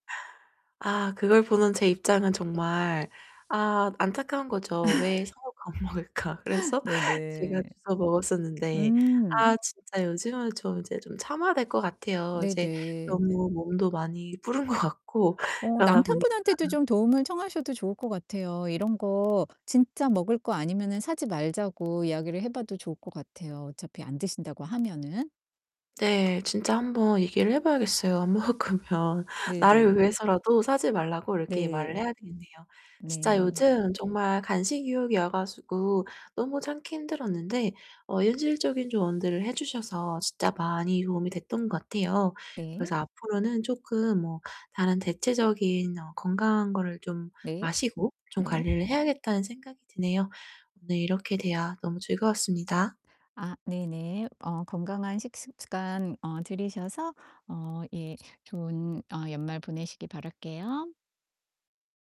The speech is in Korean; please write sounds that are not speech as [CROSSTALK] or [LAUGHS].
아 그걸 보는 제 입장은 정말 아 안타까운 거죠.' 왜 [LAUGHS] 사 놓고 안 먹을까?' 그래서 제가 네네. 주워 먹었었는데. 음. 아 진짜 요즘은 좀 이제 좀 참아야 될 것 같아요. 이제 네네. 너무 몸도 많이 불은 것 같고 어 그러다 보니까 남편분한테도 좀 도움을 청하셔도 좋을 것 같아요. 이런 거 진짜 먹을 거 아니면은 사지 말자고 이야기를 해 봐도 좋을 것 같아요. 어차피 안 드신다고 하면은. 네. 진짜 한번 얘기를 해 봐야겠어요 안 먹으면. 나를 네네. 위해서라도 사지 말라고 이렇게 말을 네. 해야 되겠네요. 진짜 네. 요즘 정말 간식 유혹이 와 가지고 너무 참기 힘들었는데 어 현실적인 조언들을 해 주셔서 진짜 많이 도움이 됐던 것 같아요. 네. 그래서 앞으로는 쪼끔 뭐 다른 대체적인 어 건강한 거를 좀 네. 마시고 좀 네. 관리를 해야겠다는 생각이 드네요. 네 이렇게 대화 너무 즐거웠습니다. 아 네네. 어 건강한 식습 습관 어 들이셔서 어 예 좋은 어 연말 보내시길 바랄게요.